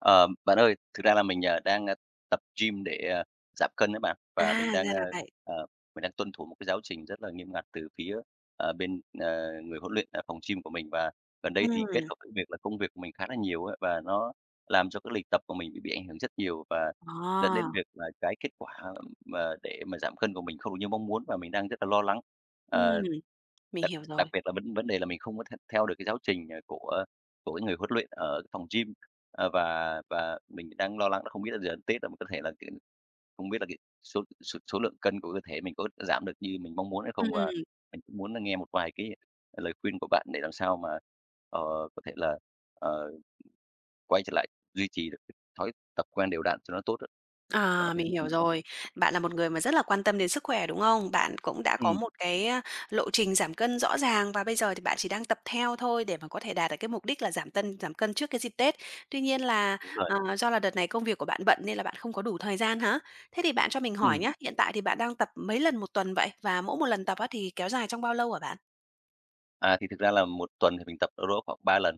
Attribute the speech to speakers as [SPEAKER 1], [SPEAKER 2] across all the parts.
[SPEAKER 1] Ờ, bạn ơi, thực ra là mình, ờ, đang tập gym để, à, giảm cân á bạn, và
[SPEAKER 2] À,
[SPEAKER 1] mình đang,
[SPEAKER 2] ra
[SPEAKER 1] ơ,
[SPEAKER 2] là vậy.
[SPEAKER 1] ờ, mình đang tuân thủ một cái giáo trình rất là nghiêm ngặt từ phía, ờ, bên, ờ, người huấn luyện ở phòng gym của mình. Và gần đây thì kết
[SPEAKER 2] Ừm.
[SPEAKER 1] hợp với việc là công việc của mình khá là nhiều á, và nó làm cho cái lịch tập của mình bị bị ảnh hưởng rất nhiều và
[SPEAKER 2] Ờ.
[SPEAKER 1] dẫn đến việc là cái kết quả mà để mà giảm cân của mình không được như mong muốn, và mình đang rất là lo lắng.
[SPEAKER 2] Ừm,
[SPEAKER 1] Ờ,
[SPEAKER 2] mình
[SPEAKER 1] đặc
[SPEAKER 2] hiểu
[SPEAKER 1] đặc
[SPEAKER 2] rồi.
[SPEAKER 1] biệt là vấn vấn đề là mình không có th theo được cái giáo trình, ờ, của của cái người huấn luyện ở cái phòng gym, ờ, và và mình đang lo lắng là không biết là giờ đến Tết là mình có thể là, kiểu, không biết là cái số s số lượng cân của cơ thể mình có giảm được như mình mong muốn hay không. Và
[SPEAKER 2] Ừm.
[SPEAKER 1] mình cũng muốn là nghe một vài cái lời khuyên của bạn để làm sao mà, ờ, có thể là, ờ quay trở lại, duy trì được thói tập quen đều đặn cho nó tốt á. Bạn có
[SPEAKER 2] À,
[SPEAKER 1] thể
[SPEAKER 2] mình
[SPEAKER 1] giúp mình,
[SPEAKER 2] hiểu
[SPEAKER 1] được không?
[SPEAKER 2] rồi. Bạn là một người mà rất là quan tâm đến sức khỏe, đúng không? Bạn cũng đã có
[SPEAKER 1] Ừm.
[SPEAKER 2] một cái lộ trình giảm cân rõ ràng, và bây giờ thì bạn chỉ đang tập theo thôi để mà có thể đạt được cái mục đích là giảm tân giảm cân trước cái dịp Tết. Tuy nhiên là,
[SPEAKER 1] Đúng rồi.
[SPEAKER 2] ờ, do là đợt này công việc của bạn bận nên là bạn không có đủ thời gian hả? Thế thì bạn cho mình hỏi
[SPEAKER 1] Ừm.
[SPEAKER 2] nhá, hiện tại thì bạn đang tập mấy lần 1 tuần vậy? Và mỗi 1 lần tập á thì kéo dài trong bao lâu hả bạn?
[SPEAKER 1] À, thì thực ra là 1 tuần thì mình tập đâu đó khoảng 3 lần,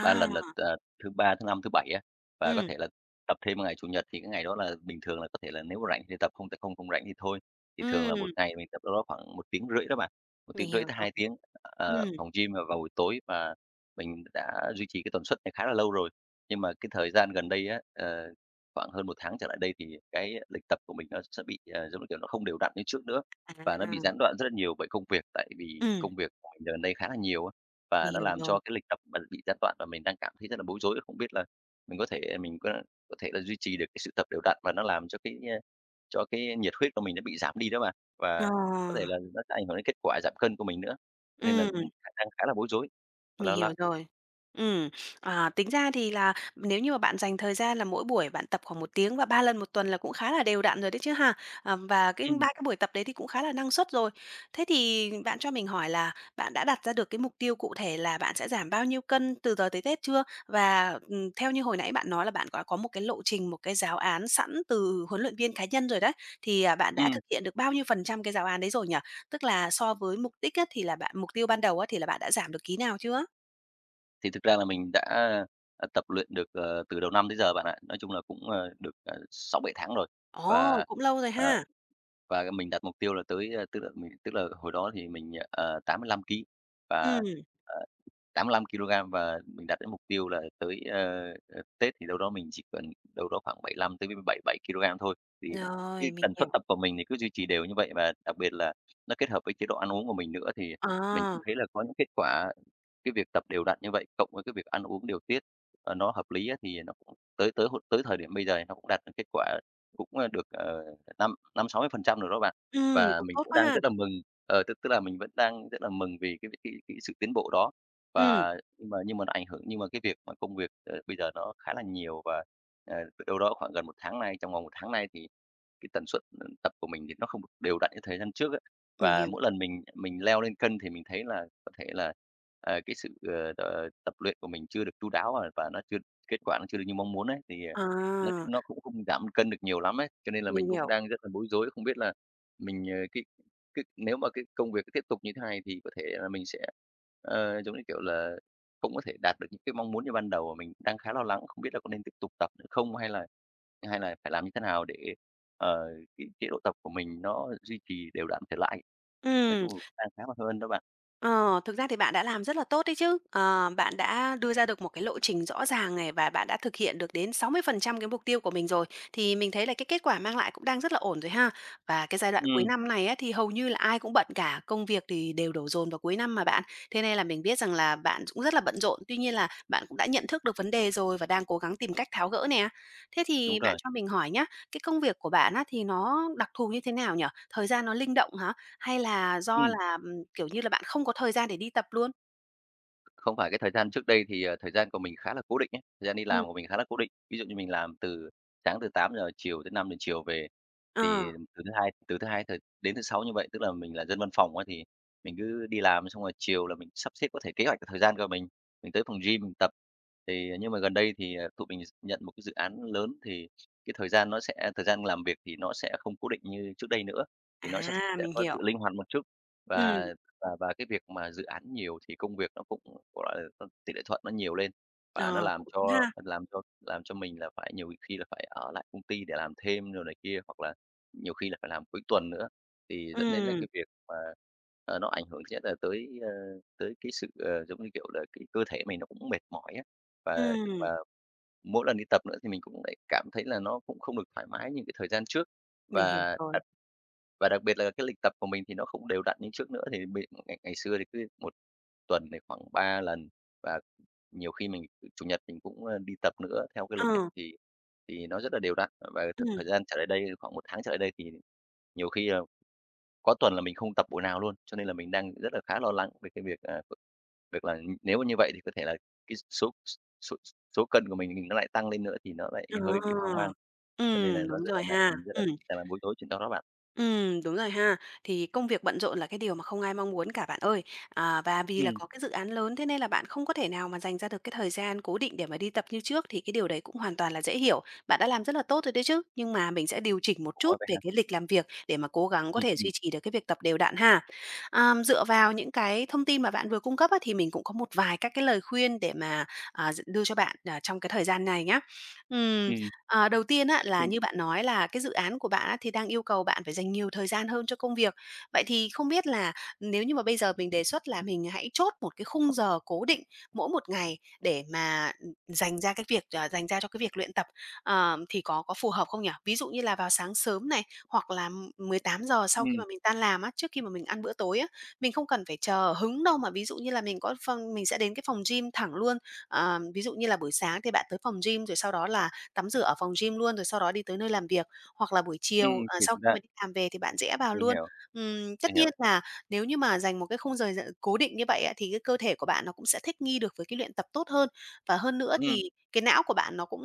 [SPEAKER 1] 3 lần là, t ờ, thứ Ba, thứ Năm, thứ Bảy á, và có
[SPEAKER 2] Ừm.
[SPEAKER 1] thể là tập thêm ngày Chủ nhật thì cái ngày đó là bình thường, là có thể là nếu mà rảnh thì tập, không thì không không rảnh thì thôi. Thì thường là
[SPEAKER 2] Ừm.
[SPEAKER 1] 1 ngày mình tập đâu đó khoảng 1 tiếng rưỡi đó bạn, 1
[SPEAKER 2] Mình
[SPEAKER 1] tiếng rưỡi
[SPEAKER 2] hiểu
[SPEAKER 1] tới
[SPEAKER 2] rồi.
[SPEAKER 1] 2 tiếng, ờ,
[SPEAKER 2] Ừm.
[SPEAKER 1] phòng gym vào vào buổi tối và mình đã duy trì cái tần suất này khá là lâu rồi. Nhưng mà cái thời gian gần đây á, ờ, khoảng hơn 1 tháng trở lại đây thì cái lịch tập của mình nó sẽ bị, ờ, giống như kiểu, nó không đều đặn như trước nữa, và nó bị
[SPEAKER 2] À!
[SPEAKER 1] gián đoạn rất là nhiều bởi công việc, tại vì
[SPEAKER 2] Ừm.
[SPEAKER 1] công việc dạo gần đây khá là nhiều á. Và
[SPEAKER 2] Mình
[SPEAKER 1] nó
[SPEAKER 2] hiểu
[SPEAKER 1] làm
[SPEAKER 2] rồi.
[SPEAKER 1] cho cái lịch tập mình bị gián đoạn và mình đang cảm thấy rất là bối rối, không biết là mình có thể mình có có thể duy trì được cái sự tập đều đặn và nó làm cho cái, a, cho cái nhiệt huyết của mình nó bị giảm đi đó bạn. Và có thể
[SPEAKER 2] À!
[SPEAKER 1] là nó sẽ ảnh hưởng đến kết quả giảm cân của mình nữa, cho nên là cũng
[SPEAKER 2] Ừm.
[SPEAKER 1] khả năng khá là bối rối và
[SPEAKER 2] Mình
[SPEAKER 1] lo lắng.
[SPEAKER 2] hiểu rồi. Ừm, ờ, tính ra thì là nếu như mà bạn dành thời gian là mỗi buổi bạn tập khoảng 1 tiếng và 3 lần 1 tuần là cũng khá là đều đặn rồi đấy chứ ha, ừm, và cái 3
[SPEAKER 1] Ừm.
[SPEAKER 2] cái buổi tập đấy thì cũng khá là năng suất rồi. Thế thì bạn cho mình hỏi là bạn đã đặt ra được cái mục tiêu cụ thể là bạn sẽ giảm bao nhiêu cân từ giờ tới Tết chưa? Và, ừm, theo như hồi nãy bạn nói là bạn có có một cái lộ trình, một cái giáo án sẵn từ huấn luyện viên cá nhân rồi đấy, thì bạn đã
[SPEAKER 1] Ừm.
[SPEAKER 2] thực hiện được bao nhiêu phần trăm cái giáo án đấy rồi nhỉ? Tức là so với mục đích á, thì là bạn mục tiêu ban đầu á thì là bạn đã giảm được ký nào chưa?
[SPEAKER 1] Thì thực ra là mình đã, ờ, tập luyện được, ờ, từ đầu năm tới giờ bạn ạ, nói chung là cũng, ờ, được, ờ, 6-7 tháng rồi
[SPEAKER 2] Ồ!
[SPEAKER 1] và,
[SPEAKER 2] Cũng lâu rồi
[SPEAKER 1] ờ
[SPEAKER 2] ha.
[SPEAKER 1] và mình đặt mục tiêu là tới a, tức là mình tức là hồi đó thì mình, ờ, 85kg và,
[SPEAKER 2] Ừm.
[SPEAKER 1] ờ, 85kg và mình đạt đến mục tiêu là tới, ơ, ờ, Tết thì đâu đó mình chỉ cần đâu đó khoảng 75 tới b b bảy bảy kilogram thôi. Vì, cái
[SPEAKER 2] Rồi, mình
[SPEAKER 1] tần suất
[SPEAKER 2] hiểu.
[SPEAKER 1] tập của mình thì cứ duy trì đều như vậy và đặc biệt là nó kết hợp với chế độ ăn uống của mình nữa, thì mình cũng
[SPEAKER 2] À!
[SPEAKER 1] thấy là có những kết quả, cái việc tập đều đặn như vậy, cộng với cái việc ăn uống điều tiết, ờ, nó hợp lý á thì nó tới tới hụt tới thời điểm bây giờ thì nó cũng đạt được kết quả, cũng, ơ, được, ờ, năm năm 60% rồi đó bạn
[SPEAKER 2] Ừm,
[SPEAKER 1] và
[SPEAKER 2] cũng
[SPEAKER 1] mình
[SPEAKER 2] tốt
[SPEAKER 1] cũng
[SPEAKER 2] quá
[SPEAKER 1] đang
[SPEAKER 2] ha.
[SPEAKER 1] rất là mừng, ờ, tức tức là mình vẫn đang rất là mừng vì cái v cái cái sự tiến bộ đó.
[SPEAKER 2] Ừm.
[SPEAKER 1] Và nhưng mà nhưng mà nó ảnh hưởng nhưng mà cái việc mà công việc, ờ, bây giờ nó khá là nhiều và, ờ, đ đâu đó khoảng gần 1 tháng nay, trong vòng 1 tháng nay thì cái tần suất, ờ, tập của mình thì nó không được đều đặn như thời gian trước ấy.
[SPEAKER 2] Mình
[SPEAKER 1] Và
[SPEAKER 2] hiểu.
[SPEAKER 1] mỗi lần mình mình leo lên cân thì mình thấy là có thể là, à, cái sự, ờ, ờ, tập luyện của mình chưa được chu đáo và và nó chưa kết quả nó chưa được như mong muốn ấy, thì, ờ, nói
[SPEAKER 2] À!
[SPEAKER 1] chung nó cũng không giảm cân được nhiều lắm ấy, cho nên là
[SPEAKER 2] Mình
[SPEAKER 1] mình cũng
[SPEAKER 2] hiểu.
[SPEAKER 1] đang rất là bối rối, không biết là mình, ờ, cái cái nếu mà cái công việc nó tiếp tục như thế này thì có thể là mình sẽ, ờ, giống như kiểu là cũng có thể đạt được những cái mong muốn như ban đầu mà mình đang khá lo lắng, không biết là có nên tiếp tục tập nữa không? Hay là hay là phải làm như thế nào để, ờ, cái chế độ tập của mình nó duy trì đều đặn trở lại? Nói
[SPEAKER 2] Ừm.
[SPEAKER 1] chung là đang khá là hơn đó bạn.
[SPEAKER 2] Ờ, thực ra thì bạn đã làm rất là tốt đấy chứ, ờ, bạn đã đưa ra được một cái lộ trình rõ ràng này và bạn đã thực hiện được đến 60% cái mục tiêu của mình rồi, thì mình thấy là cái kết quả mang lại cũng đang rất là ổn rồi ha. Và cái giai đoạn cuối
[SPEAKER 1] Ừm.
[SPEAKER 2] năm này á, thì hầu như là ai cũng bận cả, công việc thì đều đổ dồn vào cuối năm mà bạn, thế nên là mình biết rằng là bạn ch cũng rất là bận rộn, tuy nhiên là bạn cũng đã nhận thức được vấn đề rồi và đang cố gắng tìm cách tháo gỡ nè. Thế
[SPEAKER 1] Đúng
[SPEAKER 2] thì bạn
[SPEAKER 1] rồi.
[SPEAKER 2] cho mình hỏi nhá, cái công việc của bạn á, thì nó đặc thù như thế nào nhỉ? Thời gian nó linh động hả? Hay là do
[SPEAKER 1] Ừm.
[SPEAKER 2] là, ừm, kiểu như là, bạn không có thời gian để đi tập luôn?
[SPEAKER 1] Không phải cái thời gian trước đây, thì, ờ, thời gian của mình khá là cố định ấy thời gian đi
[SPEAKER 2] Ừm.
[SPEAKER 1] làm của mình khá là cố định. Ví dụ như mình làm từ sáng từ 8:00 chiều tới 5:00 chiều về,
[SPEAKER 2] Ờ.
[SPEAKER 1] thì từ thứ Hai từ thứ Hai th đến thứ Sáu như vậy, tức là mình là dân văn phòng á, thì mình cứ đi làm xong rồi chiều là mình sắp xếp có thể kế hoạch và thời gian của mình, mình tới phòng gym mình tập. Thì, ờ, nhưng mà gần đây thì, ờ, tụi mình nhận một cái dự án lớn, thì cái thời gian nó sẽ thời gian làm việc thì nó sẽ không cố định như trước đây nữa, thì nó sẽ
[SPEAKER 2] À,
[SPEAKER 1] sẽ
[SPEAKER 2] mình
[SPEAKER 1] có
[SPEAKER 2] hiểu.
[SPEAKER 1] sự linh hoạt một chút.
[SPEAKER 2] Ừm.
[SPEAKER 1] Và và và cái việc mà dự án nhiều thì công việc nó cũng, gọi là, nó tỉ lệ thuận nó nhiều lên và nó
[SPEAKER 2] Ờ,
[SPEAKER 1] làm
[SPEAKER 2] cũng đúng
[SPEAKER 1] cho
[SPEAKER 2] ha.
[SPEAKER 1] làm cho làm cho mình là phải nhiều khi là phải ở lại công ty để làm thêm đồ này kia, hoặc là nhiều khi là phải làm cuối tuần nữa. Thì dẫn đến là
[SPEAKER 2] Ừm.
[SPEAKER 1] cái việc mà, ờ, nó ảnh hưởng thứ nhất là tới, ơ, tới cái sự, ờ, giống như kiểu là, cái cơ thể mình nó cũng mệt mỏi á, và
[SPEAKER 2] Ừm.
[SPEAKER 1] và mỗi lần đi tập nữa thì mình cũng lại cảm thấy là nó cũng không được thoải mái như cái thời gian trước.
[SPEAKER 2] Mình hiểu
[SPEAKER 1] Và
[SPEAKER 2] rồi.
[SPEAKER 1] đặc và đặc biệt là cái lịch tập của mình thì nó không đều đặn như trước nữa, thì mình bị ngày ngày xưa thì cứ 1 tuần thì khoảng 3 lần và nhiều khi mình Chủ nhật mình cũng, ơ, đi tập nữa theo cái lịch á,
[SPEAKER 2] Ờ.
[SPEAKER 1] thì thì nó rất là đều đặn. Và th thời
[SPEAKER 2] Ừm.
[SPEAKER 1] gian trở lại đây thì khoảng 1 tháng trở lại đây, thì nhiều khi là có tuần là mình không tập buổi nào luôn. Cho nên là mình đang rất là khá lo lắng về cái việc, ờ, việc là, ưm, nếu mà như vậy thì có thể là cái số s số s số cân của mình mình nó lại tăng lên nữa, thì nó lại
[SPEAKER 2] Ờ,
[SPEAKER 1] hơi bị hoang mang, cho nên là
[SPEAKER 2] ừm,
[SPEAKER 1] nó
[SPEAKER 2] đúng
[SPEAKER 1] rất là
[SPEAKER 2] rồi
[SPEAKER 1] n
[SPEAKER 2] ha,
[SPEAKER 1] ừm, rất là
[SPEAKER 2] ừm.
[SPEAKER 1] đang là bối rối chuyện đó đó bạn.
[SPEAKER 2] Ừm, đúng rồi ha, thì công việc bận rộn là cái điều mà không ai mong muốn cả bạn ơi, ờ, và vì là
[SPEAKER 1] Ừm.
[SPEAKER 2] có cái dự án lớn, thế nên là bạn không có thể nào mà dành ra được cái thời gian cố định để mà đi tập như trước, thì cái điều đấy cũng hoàn toàn là dễ hiểu. Bạn đã làm rất là tốt rồi đấy chứ, nhưng mà mình sẽ điều chỉnh một
[SPEAKER 1] Ủa,
[SPEAKER 2] chút
[SPEAKER 1] vậy
[SPEAKER 2] về
[SPEAKER 1] hả?
[SPEAKER 2] cái lịch làm việc để mà cố gắng có
[SPEAKER 1] Ừm,
[SPEAKER 2] thể duy
[SPEAKER 1] ừm.
[SPEAKER 2] trì được cái việc tập đều đặn ha. Ờm, dựa vào những cái thông tin mà bạn vừa cung cấp á, thì mình cũng có một vài các cái lời khuyên để mà, à, d đưa cho bạn, à, trong cái thời gian này nhá. Ừm,
[SPEAKER 1] Ừm.
[SPEAKER 2] ờ, đầu tiên á là
[SPEAKER 1] [unintelligible]
[SPEAKER 2] như bạn nói là cái dự án của bạn á, thì đang yêu cầu bạn phải dành nhiều thời gian hơn cho công việc, vậy thì không biết là nếu như mà bây giờ mình đề xuất là mình hãy chốt một cái khung giờ cố định mỗi một ngày để mà dành ra cái việc, ờ, dành ra cho cái việc luyện tập, ờ, thì có có phù hợp không nhỉ? Ví dụ như là vào sáng sớm này, hoặc là, ưm, 18:00 sau khi
[SPEAKER 1] Ừm.
[SPEAKER 2] mà mình tan làm á, trước khi mà mình ăn bữa tối á, mình không cần phải chờ hứng đâu mà ví dụ như là mình có phòng mình sẽ đến cái phòng gym thẳng luôn. Ờ, ví dụ như là buổi sáng thì bạn tới phòng gym, rồi sau đó là tắm rửa ở phòng gym luôn, rồi sau đó đi tới nơi làm việc, hoặc là buổi chiều,
[SPEAKER 1] Ừm,
[SPEAKER 2] ờ,
[SPEAKER 1] thiệt
[SPEAKER 2] sau khi
[SPEAKER 1] ra
[SPEAKER 2] mà đi làm về thì bạn rẽ vào
[SPEAKER 1] Mình
[SPEAKER 2] luôn.
[SPEAKER 1] hiểu.
[SPEAKER 2] Ừm,
[SPEAKER 1] Mình
[SPEAKER 2] tất nhiên
[SPEAKER 1] hiểu.
[SPEAKER 2] là nếu như mà dành một cái khung giờ giờ cố định như vậy á, thì cái cơ thể của bạn nó cũng sẽ thích nghi được với cái luyện tập tốt hơn, và hơn nữa
[SPEAKER 1] Ừm.
[SPEAKER 2] thì cái não của bạn nó cũng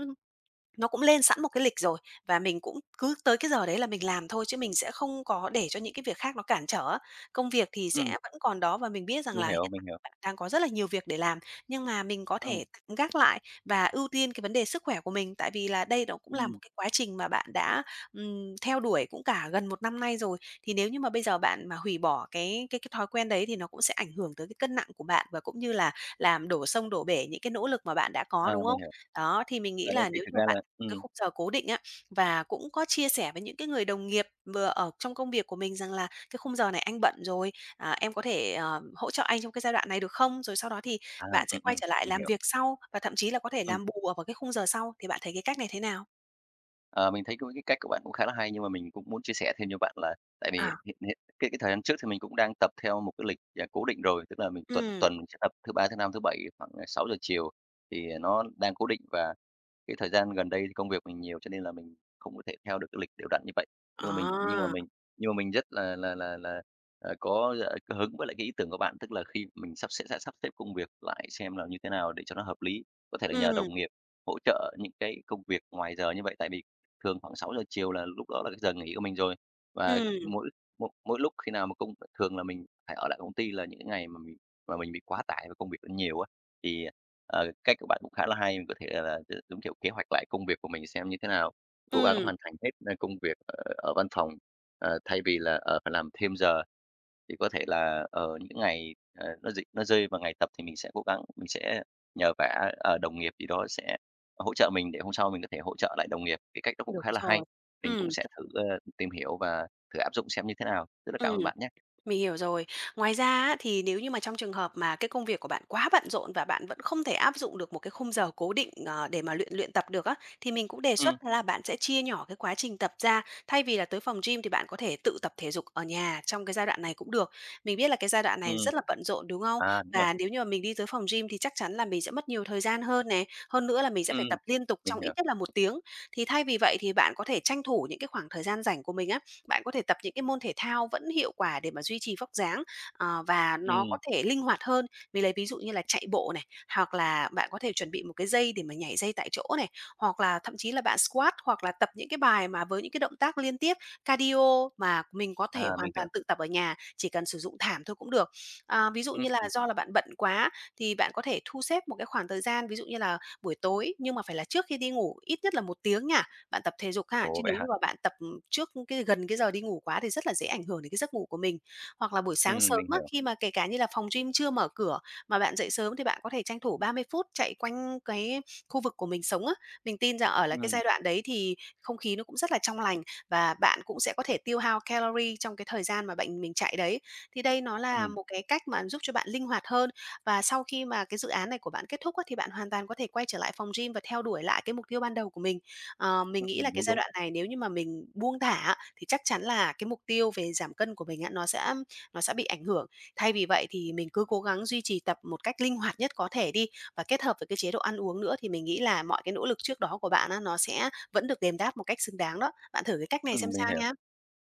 [SPEAKER 2] nó cũng lên sẵn một cái lịch rồi, và mình cũng cứ tới cái giờ đấy là mình làm thôi, chứ mình sẽ không có để cho những cái việc khác nó cản trở á. Công việc thì sẽ
[SPEAKER 1] Ừm.
[SPEAKER 2] vẫn còn đó và mình biết rằng
[SPEAKER 1] Mình
[SPEAKER 2] là hiện
[SPEAKER 1] hiểu, mình
[SPEAKER 2] tại
[SPEAKER 1] hiểu.
[SPEAKER 2] bạn đang có rất là nhiều việc để làm, nhưng mà mình có
[SPEAKER 1] Ừm.
[SPEAKER 2] thể tạm gác lại và ưu tiên cái vấn đề sức khỏe của mình, tại vì là đây nó cũng là một
[SPEAKER 1] Ừm.
[SPEAKER 2] cái quá trình mà bạn đã, ừm, theo đuổi cũng cả gần 1 năm nay rồi. Thì nếu như mà bây giờ bạn mà hủy bỏ cái cái cái thói quen đấy thì nó cũng sẽ ảnh hưởng tới cái cân nặng của bạn, và cũng như là làm đổ sông đổ bể những cái nỗ lực mà bạn đã có,
[SPEAKER 1] Ờ,
[SPEAKER 2] đúng
[SPEAKER 1] mình
[SPEAKER 2] không?
[SPEAKER 1] hiểu.
[SPEAKER 2] Đó, thì mình nghĩ
[SPEAKER 1] Ở đây
[SPEAKER 2] là
[SPEAKER 1] thì
[SPEAKER 2] nếu như
[SPEAKER 1] thực
[SPEAKER 2] mà
[SPEAKER 1] ra
[SPEAKER 2] bạn
[SPEAKER 1] là ừm.
[SPEAKER 2] cái khung giờ cố định á, và cũng có chia sẻ với những cái người đồng nghiệp vừa ở trong công việc của mình rằng là "Cái khung giờ này anh bận rồi, à, em có thể, ờm, hỗ trợ anh trong cái giai đoạn này, được không?" Rồi sau đó thì
[SPEAKER 1] À,
[SPEAKER 2] bạn sẽ
[SPEAKER 1] ừm,
[SPEAKER 2] quay
[SPEAKER 1] ừm,
[SPEAKER 2] trở lại
[SPEAKER 1] mình
[SPEAKER 2] làm
[SPEAKER 1] hiểu.
[SPEAKER 2] việc sau, và thậm chí là có thể
[SPEAKER 1] Ừm.
[SPEAKER 2] làm bù ở vào cái khung giờ sau, thì bạn thấy cái cách này thế nào?
[SPEAKER 1] Ờ, mình thấy cũng cái cách của bạn cũng khá là hay, nhưng mà mình cũng muốn chia sẻ thêm cho bạn là tại vì
[SPEAKER 2] À.
[SPEAKER 1] hiện hiện cái cái thời gian trước thì mình cũng đang tập theo một cái lịch, à, cố định rồi, tức là mình tập
[SPEAKER 2] Ừm.
[SPEAKER 1] tuần mình sẽ tập thứ Ba, thứ Năm, thứ Bảy khoảng, à, 6:00 giờ chiều thì, à, nó đang cố định. Và cái thời gian gần đây thì công việc mình nhiều cho nên là mình không có thể theo được cái lịch đều đặn như vậy. Nhưng mà mình nhưng mà
[SPEAKER 2] À!
[SPEAKER 1] mình nhưng mà mình rất là là là là, à, có dạ có hứng với lại cái ý tưởng của bạn, tức là khi mình sắp xếp sẽ sắp xếp công việc lại xem là như thế nào để cho nó hợp lý. Có thể là nhờ
[SPEAKER 2] Ừm.
[SPEAKER 1] đồng nghiệp hỗ trợ những cái công việc ngoài giờ như vậy, tại vì thường khoảng 6:00 giờ chiều là lúc đó là cái giờ nghỉ của mình rồi. Và
[SPEAKER 2] Ừm.
[SPEAKER 1] mỗi mỗi mỗi lúc khi nào mà công thường là mình phải ở lại công ty là những cái ngày mà mình mà mình bị quá tải và công việc nó nhiều á, thì, ờ, cách của bạn cũng khá là hay, mình có thể là gi giống kiểu kế hoạch lại công việc của mình xem như thế nào, cố gắng
[SPEAKER 2] Ừm.
[SPEAKER 1] hoàn thành hết, a, công việc, ờ, ở văn phòng, ờ, thay vì là, ờ, phải làm thêm giờ. Thì có thể là, ờ, những cái ngày, ờ, nó dịch nó rơi vào ngày tập thì mình sẽ cố gắng, mình sẽ nhờ vả, ờ, đồng nghiệp gì đó sẽ hỗ trợ mình để hôm sau mình có thể hỗ trợ lại đồng nghiệp, cái cách đó cũng
[SPEAKER 2] Đúng
[SPEAKER 1] khá là
[SPEAKER 2] rồi.
[SPEAKER 1] hay. Mình cũng
[SPEAKER 2] Ừm.
[SPEAKER 1] sẽ thử, à, tìm hiểu và thử áp dụng xem như thế nào. Rất là cảm
[SPEAKER 2] Ừm.
[SPEAKER 1] ơn bạn nhá!
[SPEAKER 2] Mình hiểu rồi. Ngoài ra á, thì nếu như mà trong trường hợp mà cái công việc của bạn quá bận rộn và bạn vẫn không thể áp dụng được một cái khung giờ cố định, ờ, để mà luyện luyện tập được á, thì mình cũng đề
[SPEAKER 1] Ừm.
[SPEAKER 2] xuất đó là bạn sẽ chia nhỏ cái quá trình tập ra. Thay vì là tới phòng gym thì bạn có thể tự tập thể dục ở nhà trong cái giai đoạn này cũng được. Mình biết là cái giai đoạn này
[SPEAKER 1] Ừm.
[SPEAKER 2] rất là bận rộn, đúng không?
[SPEAKER 1] À, đúng rồi.
[SPEAKER 2] Và nếu như mà mình đi tới phòng gym thì chắc chắn là mình sẽ mất nhiều thời gian hơn nè. Hơn nữa là mình sẽ
[SPEAKER 1] Ừm,
[SPEAKER 2] phải tập liên tục
[SPEAKER 1] mình
[SPEAKER 2] trong ít
[SPEAKER 1] hiểu.
[SPEAKER 2] nhất là 1 tiếng. Thì thay vì vậy thì bạn có thể tranh thủ những cái khoảng thời gian rảnh của mình á, bạn có thể tập những cái môn thể thao vẫn hiệu quả để mà duy trì vóc dáng, à, và nó có
[SPEAKER 1] Ừm.
[SPEAKER 2] thể linh hoạt hơn. Mình lấy ví dụ như là chạy bộ này, hoặc là bạn có thể chuẩn bị một cái dây để mà nhảy dây tại chỗ này, hoặc là thậm chí là bạn squat, hoặc là tập những cái bài mà với những cái động tác liên tiếp cardio mà mình có thể
[SPEAKER 1] À,
[SPEAKER 2] hoàn
[SPEAKER 1] mình
[SPEAKER 2] toàn
[SPEAKER 1] hiểu.
[SPEAKER 2] tự tập ở nhà, chỉ cần sử dụng thảm thôi cũng được. À, ví dụ như là
[SPEAKER 1] Ừm.
[SPEAKER 2] do là bạn bận quá thì bạn có thể thu xếp một cái khoảng thời gian, ví dụ như là buổi tối, nhưng mà phải là trước khi đi ngủ ít nhất là 1 tiếng nha, bạn tập thể dục ha!
[SPEAKER 1] Ồ!
[SPEAKER 2] Chứ
[SPEAKER 1] Vậy
[SPEAKER 2] nếu như
[SPEAKER 1] hả?
[SPEAKER 2] mà bạn tập trước cái gần cái giờ đi ngủ quá thì rất là dễ ảnh hưởng đến cái giấc ngủ của mình. Hoặc là buổi
[SPEAKER 1] Ừm,
[SPEAKER 2] sáng sớm
[SPEAKER 1] mình
[SPEAKER 2] á,
[SPEAKER 1] hiểu.
[SPEAKER 2] khi mà kể cả như là phòng gym chưa mở cửa, mà bạn dậy sớm thì bạn có thể tranh thủ 30 phút chạy quanh cái khu vực của mình sống á. Mình tin rằng ở là cái
[SPEAKER 1] Ừm.
[SPEAKER 2] giai đoạn đấy thì không khí nó cũng rất là trong lành và bạn cũng sẽ có thể tiêu hao calorie trong cái thời gian mà bạn mình chạy đấy, thì đây nó là
[SPEAKER 1] Ừm.
[SPEAKER 2] một cái cách mà giúp cho bạn linh hoạt hơn. Và sau khi mà cái dự án này của bạn kết thúc á, thì bạn hoàn toàn có thể quay trở lại phòng gym và theo đuổi lại cái mục tiêu ban đầu của mình. Ờ, mình nghĩ là
[SPEAKER 1] Ừm,
[SPEAKER 2] cái
[SPEAKER 1] đúng,
[SPEAKER 2] giai
[SPEAKER 1] đúng.
[SPEAKER 2] đoạn này nếu như mà mình buông thả á, thì chắc chắn là cái mục tiêu về giảm cân của mình á, nó sẽ nó sẽ bị ảnh hưởng. Thay vì vậy thì mình cứ cố gắng duy trì tập một cách linh hoạt nhất có thể đi, và kết hợp với cái chế độ ăn uống nữa thì mình nghĩ là mọi cái nỗ lực trước đó của bạn á, nó sẽ vẫn được đền đáp một cách xứng đáng đó. Bạn thử cái cách này xem
[SPEAKER 1] Ừm,
[SPEAKER 2] sao
[SPEAKER 1] mình hiểu.
[SPEAKER 2] nha.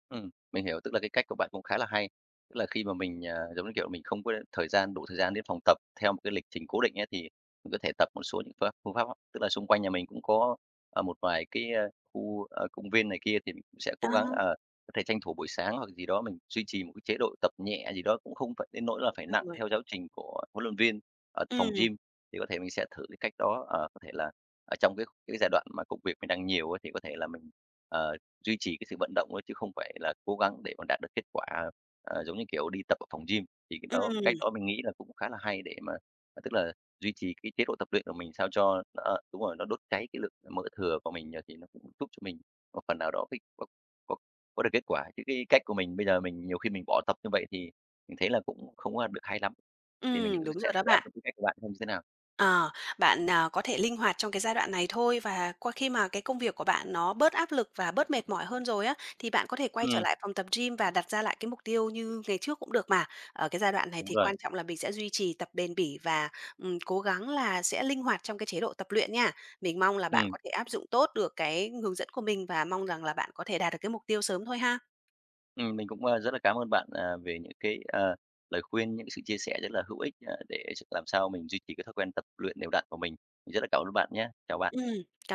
[SPEAKER 1] Ừm, mình hiểu, tức là cái cách của bạn cũng khá là hay. Tức là khi mà mình, à, giống như kiểu, là mình không có thời gian đủ thời gian đến phòng tập theo một cái lịch trình cố định á thì mình có thể tập một số những phương pháp phương pháp. Tức là xung quanh nhà mình cũng có, ờ, một vài cái, a, khu, a, công viên này kia thì mình cũng sẽ
[SPEAKER 2] Ờ.
[SPEAKER 1] cố gắng, à, có thể tranh thủ buổi sáng hoặc là gì đó mình duy trì một cái chế độ tập nhẹ gì đó cũng không phải đến nỗi là phải nặng
[SPEAKER 2] [unintelligible]
[SPEAKER 1] theo giáo trình của huấn luyện viên ở phòng
[SPEAKER 2] Ừm.
[SPEAKER 1] gym, thì có thể mình sẽ thử cái cách đó. Ờ, có thể là ở trong cái cái giai đoạn mà công việc mình đang nhiều ấy, thì có thể là mình, ờ, duy trì cái sự vận động ấy chứ không phải là cố gắng để mà đạt được kết quả, ờ, giống như, kiểu, đi tập ở phòng gym. Thì cách đó cách
[SPEAKER 2] Ừm.
[SPEAKER 1] đó mình nghĩ là cũng khá là hay để mà tức là duy trì cái chế độ tập luyện của mình sao cho nó a, đúng rồi nó đốt cháy cái lượng mỡ thừa của mình, ờ, thì nó cũng giúp cho mình một phần nào đó có có có được kết quả. Chứ cái cách của mình bây giờ mình nhiều khi mình bỏ tập như vậy thì mình thấy là cũng không có, a, được hay lắm. Thì mình
[SPEAKER 2] Ừm,
[SPEAKER 1] cũng
[SPEAKER 2] đúng
[SPEAKER 1] sẽ
[SPEAKER 2] rồi đó
[SPEAKER 1] thử áp
[SPEAKER 2] bạn.
[SPEAKER 1] dụng cái cách của bạn xem như thế nào.
[SPEAKER 2] Ờ, bạn, à, có thể linh hoạt trong cái giai đoạn này thôi. Và qua khi mà cái công việc của bạn nó bớt áp lực và bớt mệt mỏi hơn rồi á, thì bạn có thể quay trở
[SPEAKER 1] Ừm.
[SPEAKER 2] lại phòng tập gym và đặt ra lại cái mục tiêu như ngày trước cũng được mà. Ở cái giai đoạn này
[SPEAKER 1] Đúng
[SPEAKER 2] thì
[SPEAKER 1] rồi.
[SPEAKER 2] quan trọng là mình sẽ duy trì tập bền bỉ và, ừm, cố gắng là sẽ linh hoạt trong cái chế độ tập luyện nha. Mình mong là bạn
[SPEAKER 1] Ừm.
[SPEAKER 2] có thể áp dụng tốt được cái hướng dẫn của mình và mong rằng là bạn có thể đạt được cái mục tiêu sớm thôi ha!
[SPEAKER 1] Ừm. Mình cũng, a, rất là cám ơn bạn, à, về những cái, ờ, lời khuyên, những cái sự chia sẻ rất là hữu ích, à, để s làm sao mình duy trì cái thói quen tập luyện đều đặn của mình. Mình rất là cảm ơn bạn nhá! Chào bạn.
[SPEAKER 2] Ừm. Cảm